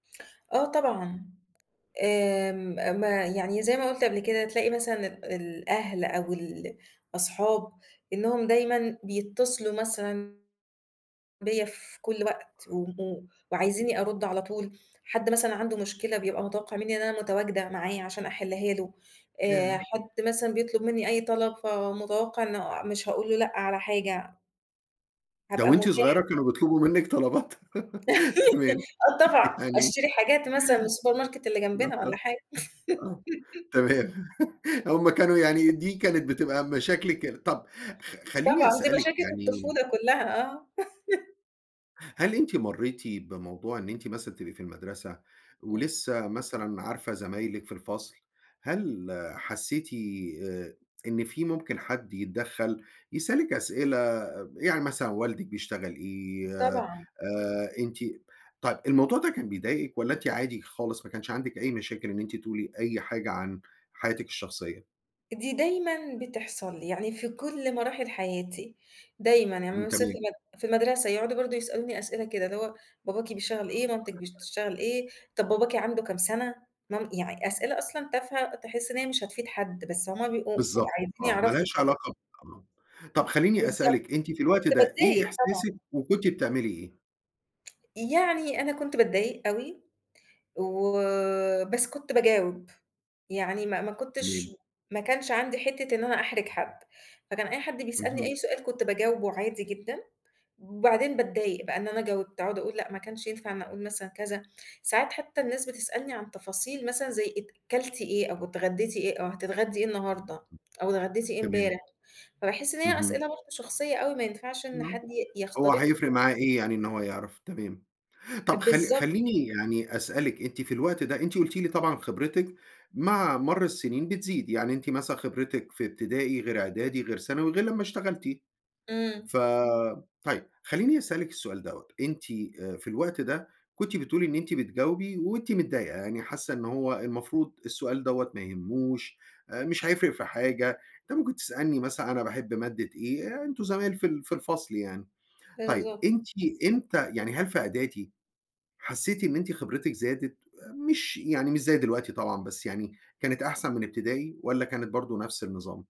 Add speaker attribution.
Speaker 1: آه طبعًا، آمم ما يعني زي ما قُلت قبل كده تلاقي مثلًا ال الأهل أو الأصحاب، إنهم دايمًا بيتصلوا مثلًا بيّا في كلّ وقت، و و وعايزيني أرُد على طول، حد مثلًا عنده مشكلة بيبقى متوقّع مِنّي إن أنا متواجدة معايا عشان أحلّها له، آآ
Speaker 2: ياه!
Speaker 1: حد مثلًا بيطلب مِنّي أي طلب فمتوقع إنه مش هاقول له لأ على حاجة.
Speaker 2: ده
Speaker 1: هابقى
Speaker 2: وأنتِ
Speaker 1: متاحة.
Speaker 2: صغيّرة كانوا بيطلبوا منِّك طلبات؟ تمام،
Speaker 1: آه طبعًا،
Speaker 2: يعني
Speaker 1: أشتري حاجات مثلًا من السوبر ماركت اللي جنبنا والّا
Speaker 2: [unintelligible]
Speaker 1: حاجة.
Speaker 2: آه، تمام، هُم كانوا يعني دي كانت بتبقى مشاكلِك ال طَب خ خلّيني
Speaker 1: طبعًا، دي
Speaker 2: أسألِك
Speaker 1: مشاكل
Speaker 2: يعني
Speaker 1: الطفولة كلّها، آه.
Speaker 2: هل أنتِ مرّيتِ بموضوع إن أنتِ مثلًا تبقي في المدرسة،
Speaker 1: إمم.
Speaker 2: ولسّه مثلًا عارفة زمايلِك في الفصل، هل حسّيتِ آآ إن في ممكن حد يتدخّل، يسألِك أسئلة ب يعني مثلًا والدِك بيشتغل إيه؟ آآ
Speaker 1: طبعًا.
Speaker 2: أنتِ طيب الموضوع ده كان بيضايقِك والّا أنتِ عادي خالص ما كانش عندِك أي مشاكل إن أنتِ تقولِي أي حاجة عن حياتِك الشخصية؟
Speaker 1: دي دايمًا بتحصل لي، يعني في كلّ مراحل حياتي، دايمًا يعني
Speaker 2: إمم،
Speaker 1: أمّا وصلت
Speaker 2: تمام.
Speaker 1: المد في المَدّرسة يقعدوا برضه يسألوني أسئلة كده، اللي هو باباكِ بيشتغل إيه، مامتِك بي تشتغل إيه؟ طَب باباكِ عنده كام سَنة؟ مام يعني أسئلة أصلًا تافهة تحس إن هي مش هتفيد حد، بس هُم بيبقوا
Speaker 2: بالضبط،
Speaker 1: وعايزين
Speaker 2: آه، ما
Speaker 1: يعرفوا
Speaker 2: لهاش
Speaker 1: وخلاص.
Speaker 2: علاقة ب آه، طَب خلّيني
Speaker 1: بالضبط،
Speaker 2: أسألِك أنتِ في الوقت
Speaker 1: كنت
Speaker 2: ده، إيه
Speaker 1: باضايِق
Speaker 2: إحساسِك
Speaker 1: طبعًا.
Speaker 2: وكنتِ بتعملي إيه؟
Speaker 1: يعني أنا كنت باتضايق أوي، وبس كُنت باجاوب، يعني ما ما كنتش
Speaker 2: تمام.
Speaker 1: ما كانش عندي حتّة إن أنا أحرج حد، فكان أي حد بيسألني
Speaker 2: اهم.
Speaker 1: أي سؤال كنت باجاوبه عادي جدًا، بعدين باتضايق بقى إن أنا جاوبت، أقعد أقُول لأ ما كانش ينفع إن أقُول مثلًا كذا، ساعات حتّى الناس بتسألني عن تفاصيل مثلًا زي أت كلتِ إيه؟ أو اتغدّيتِ إيه؟ أو هتتغدّي إيه النهارده؟
Speaker 2: [unintelligible]
Speaker 1: أو اتغدّيتِ إيه
Speaker 2: تمام.
Speaker 1: إمبارح؟ فباحس إن هي
Speaker 2: اهم.
Speaker 1: أسئلة برضه شخصية أوي ما ينفعش إن
Speaker 2: آه،
Speaker 1: حد ي
Speaker 2: هو
Speaker 1: يخترقها.
Speaker 2: هيفرِق معاه إيه يعني إن هو يعرف، تمام،
Speaker 1: أ
Speaker 2: طَب خ
Speaker 1: بالضبط.
Speaker 2: خلّيني يعني أسألِك أنتِ في الوقت ده، أنتِ قُلتِ لي طبعًا خبرتِك مع مَر السِنين بتزيد، يعني أنتِ مثلًا خبرتِك في ابتدائي غير إعدادي غير ثانوي غير لمّا اشتغلتِ،
Speaker 1: إمم.
Speaker 2: ف طيب، خلّيني أسألِك السؤال دوّة، أنتِ في الوقت ده كنتِ بتقولِي إن أنتِ بتجاوبي وأنتِ متضايقة، يعني حاسّة إن هو المفروض السؤال دوّة ما يهموش، مش هيفرِق في حاجة، طَب أنت ممكن تسألني مثلًا أنا باحب مادة إيه، أنتم زمايل في ال في الفصل يعني، طيب
Speaker 1: بالضبط.
Speaker 2: أنتِ إمتى يعني هل في اعدادي حسّيتِ إن أنتِ خبرتِك زادت، مش يعني مش زي دلوقتي طبعًا بس يعني، كانت أحسن من ابتدائي، والّا كانت برضه نفْس النظام؟